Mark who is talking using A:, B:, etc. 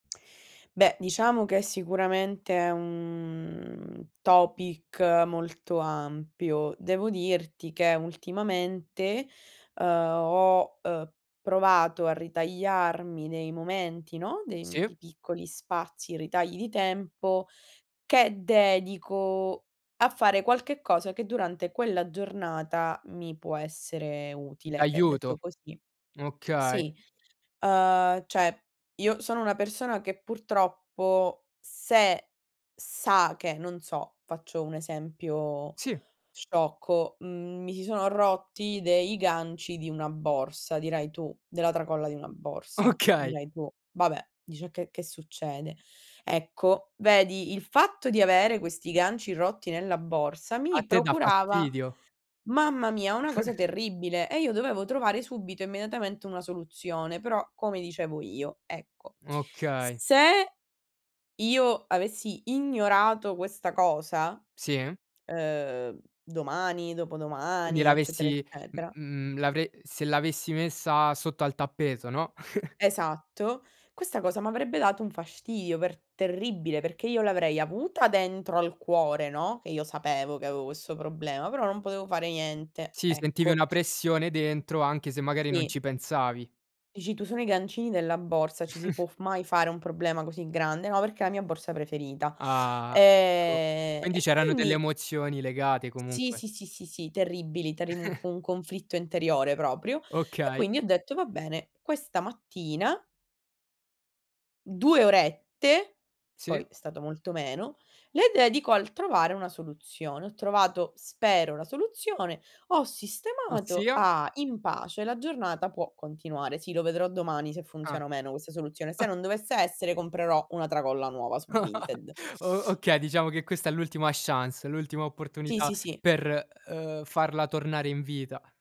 A: Beh, diciamo che sicuramente è un topic molto ampio. Devo dirti che ultimamente, uhm, ho, uhm, provato a ritagliarmi dei momenti, no, de
B: Sì.
A: pi piccoli spazi, ritagli di tempo, che dedico a fare qualche cosa che durante quella giornata mi può essere
B: Mh,
A: utile, che
B: d'aiuto,
A: detto così
B: okay.
A: sì. Uhm, cioè io sono una persona che purtroppo se sa che, non so, faccio un esempio
B: Sì.
A: sciocco, mhmm, mi si sono rotti dei ganci di una borsa, dirai tu della tracolla di una borsa,
B: Okay.
A: dirai tu: "Vabbè", dici: "E che che succede?" Ecco, vedi, il fatto di avere questi ganci rotti nella borsa
B: A
A: mi
B: te dà
A: procurava,
B: fastidio.
A: mamma mia, una cosa terribile, e io dovevo trovare subito, immediatamente una soluzione, però come dicevo io, ecco. S
B: Okay.
A: se io avessi ignorato questa cosa,
B: Sì, eh?
A: uhm, domani,
B: Quindi
A: dopodomani, eccetera,
B: l'avessi m
A: eccetera
B: mhmm, l'avre se l'avessi messa sotto al tappeto, no?
A: Esatto, questa cosa m'avrebbe dato un fastidio per terribile, perché io l'avrei avuta dentro al cuore, no, che io sapevo che avevo questo problema, però non potevo fare niente,
B: Sì, sentivi
A: ecco.
B: una pressione dentro, anche se magari non
A: Sì.
B: ci pensavi.
A: Dici tu: "Sono i gancini della borsa, ci si può f mai fare un problema così grande?" Ma perché è la mia borsa preferita.
B: Ah, ecco,
A: Ehm,
B: quindi
A: e
B: c'erano delle
A: quindi
B: emozioni legate
A: Sì,
B: comunque.
A: sì, sì, sì, sì, terribili, t'arriv un co un conflitto interiore proprio. E
B: Okay.
A: quindi ho detto: "Va bene, questa mattina" "2 orette", poi
B: Sì.
A: è stato molto meno, "le dedico al trovare una soluzione". Ho trovato, spero, la soluzione, ho sistemato,
B: Ossia?
A: ah! In pace, la giornata può continuare. Sì, lo vedrò domani se
B: Ah.
A: funziona o meno questa soluzione. Se non dovesse essere, comprerò una tracolla nuova su Vinted.
B: O okay, diciamo che questa è l'ultima chance, l'ultima
A: Sì,
B: opportunità
A: sì, sì.
B: per, uhm, farla tornare in vita.